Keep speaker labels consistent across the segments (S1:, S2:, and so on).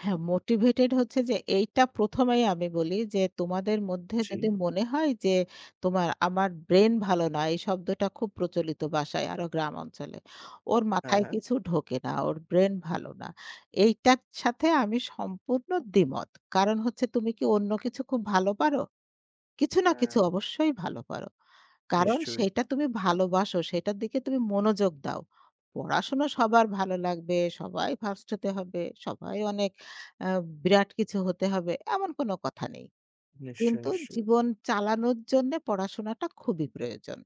S1: হ্যাঁ, মোটিভেটেড হচ্ছে যে, এইটা প্রথমেই আমি বলি যে তোমাদের মধ্যে
S2: জি।
S1: যদি মনে হয় যে তোমার আমার ব্রেইন ভালো না, এই শব্দটা খুব প্রচলিত বাসায় আরো গ্রাম অঞ্চলে। ওর
S2: হ্যাঁ,
S1: মাথায়
S2: হ্যাঁ।
S1: কিছু ঢোকে না। ওর ব্রেইন ভালো না। এইটার সাথে আমি সম্পূর্ণ দ্বিমত। কারণ হচ্ছে তুমি কি অন্য কিছু খুব ভালো পারো? কিছু না কিছু
S2: হ্যাঁ।
S1: অবশ্যই ভালো করো। কারণ
S2: নিশ্চয়ই।
S1: সেইটা তুমি ভালোবাসো, সেটার দিকে তুমি মনোযোগ দাও। পড়াশুনা সবার ভালো লাগবে, সবাই ফার্স্ট হতে হবে। সবাই অনেক আ বিরাট কিছু হতে হবে। এমন কোন কথা নেই।
S2: নিশ্চয়ই,
S1: কিন্তু
S2: নিশ্চয়ই।
S1: জীবন চালানোর জন্য পড়াশোনাটা খুবই প্রয়োজন।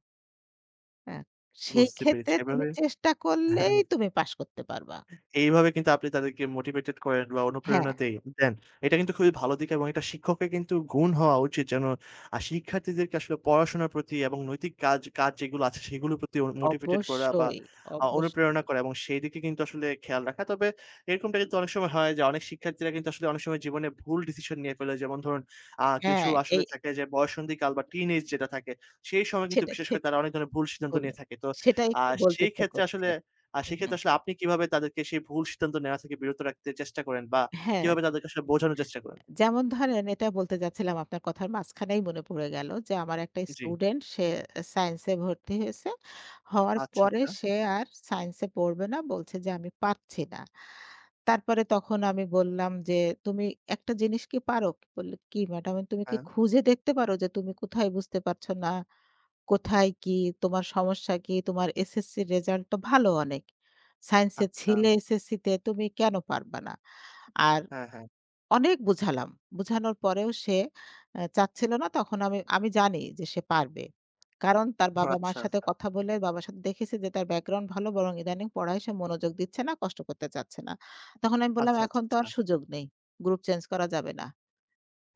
S1: হ্যাঁ। সেই
S2: বুঝতে পেরেছি।
S1: ক্ষেত্রে তুমি
S2: এভাবে
S1: চেষ্টা করলেই
S2: হ্যাঁ।
S1: তুমি পাস করতে পারবা।
S2: এইভাবে কিন্তু আপনি তাদেরকে মোটিভেটেড করেন বা
S1: হ্যাঁ।
S2: অনুপ্রেরণা দেইন দেন। এটা কিন্তু খুবই ভালো দিকে এবং শিক্ষকের কিন্তু গুণ হওয়া উচিত যেন শিক্ষার্থীদেরকে আসলে পড়াশোনার প্রতি এবং নৈতিক কাজ কাজ যেগুলো আছে সেগুলোর প্রতি মোটিভেটেড করা বা
S1: অবশ্যই,
S2: আ অনুপ্রেরণা
S1: অবশ্যই।
S2: করা এবং সেদিকে কিন্তু আসলে খেয়াল রাখা। তবে এরকমটা কিন্তু অনেক সময় হয় যে অনেক শিক্ষার্থীরা কিন্তু আসলে অনেক সময় জীবনে ভুল ডিসিশন নিয়ে ফলে যেমন ধরুন, অ্যা কিছু
S1: হ্যাঁ, এই
S2: আসলে থাকে যে বয়ঃসন্ধিকাল
S1: জি।
S2: বা টিনেজ যেটা থাকে সেই সময় কিন্তু
S1: সেটা
S2: বিশেষ করে
S1: সেটাই
S2: তারা অনেক ধরনের ভুল সিদ্ধান্ত নিয়ে
S1: বললেন,
S2: থাকে। তো
S1: সেটাই
S2: অ্যা
S1: একটু বলতে
S2: সেই
S1: ইচ্ছা
S2: ক্ষেত্রে
S1: করছে।
S2: আসলে
S1: হু, হু।
S2: সেক্ষেত্রে আসলে আপনি কিভাবে তাদেরকে সেই ভুল সিদ্ধান্ত নেওয়া থেকে বিরত রাখতে চেষ্টা করেন বা
S1: হ্যাঁ।
S2: কিভাবে তাদেরকে আসলে বোঝানোর চেষ্টা করেন?
S1: যেমন ধরেন, এটা বলতে যাচ্ছিলাম আপনার কথার মাঝখানেই মনে পড়ে গেল। যে, আমার একটা
S2: জি।
S1: স্টুডেন্ট সে সায়েন্স এ ভর্তি হয়েছে। হওয়ার
S2: আচ্ছা,
S1: পরে
S2: আচ্ছা।
S1: সে আর সাইন্স এ পড়বে না। বলছে যে "আমি পারছি না।" তারপরে তখন আমি বললাম যে, "তুমি একটা জিনিস কি পারো?" বলল, "কি ম্যাডাম?" "তুমি কি
S2: হ্যাঁ।
S1: খুঁজে দেখতে পারো যে তুমি কোথায় বুঝতে পারছ না? কোথায় কি, তোমার সমস্যা কি? তোমার এসএসসি রেজাল্ট তো ভালো অনেক। সাইন্স এ ছিলে
S2: আচ্ছা।
S1: এসএসসিতে তুমি কেন পারবা না?" আর
S2: হ্যাঁ, হ্যাঁ।
S1: অনেক বুঝালাম। বুঝানোর পরেও সে অ্যা চাচ্ছিল না। তখন আমি, আমি জানি যে সে পারবে। কারণ তার
S2: ওহ
S1: বাবা মার
S2: আচ্ছা,
S1: সাথে
S2: আচ্ছা।
S1: কথা বলে বাবার সাথে দেখেছি যে তার ব্যাকগ্রাউন্ড ভালো বরং ইদানিং পড়ায় সে মনোযোগ দিচ্ছে না, কষ্ট করতে চাচ্ছে না। তখন আমি বললাম
S2: আচ্ছা, আচ্ছা,
S1: "এখন তো
S2: আচ্ছা।
S1: আর সুযোগ নেই। গ্রুপ চেঞ্জ করা যাবে না।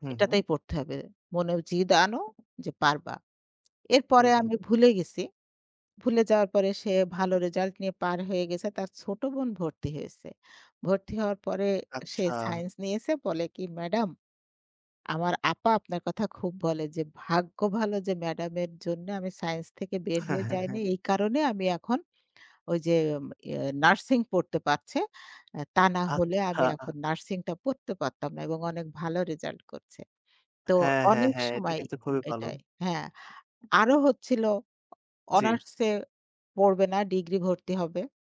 S2: হু, হু।
S1: এটাতেই পড়তে হবে। মনে জিদ আনো যে পারবা।"
S2: হু,
S1: এরপরে
S2: হু।
S1: আমি ভুলে গেছি। ভুলে যাওয়ার পরে সে ভালো রেজাল্ট নিয়ে পার হয়ে গেছে। তার ছোট বোন ভর্তি হয়েছে। ভর্তি হওয়ার পরে সে
S2: আচ্ছা।
S1: সাইন্স নিয়েছে বলে কি "ম্যাডাম আমার আপা আপনার কথা খুব বলে যে ভাগ্য ভালো যে ম্যাডামের জন্য আমি সায়েন্স থেকে বের
S2: হ্যাঁ,
S1: হয়ে
S2: হ্যাঁ,
S1: যাইনি।
S2: হ্যাঁ।
S1: এই কারণে আমি এখন ঐ যে ইয়ে নার্সিং পড়তে পারছে। তা না হলে আমি
S2: আচ্ছা।
S1: এখন নার্সিং টা পড়তে পারতাম না এবং অনেক ভালো রেজাল্ট করছে।" তো
S2: হ্যাঁ, হ্যাঁ,
S1: অনেক
S2: হ্যাঁ। এটা
S1: সময়
S2: কিন্তু খুবই ভালো।
S1: এটাই হ্যাঁ। আরো হচ্ছিল
S2: জি।
S1: অনার্সে পড়বে না, ডিগ্রি ভর্তি হবে।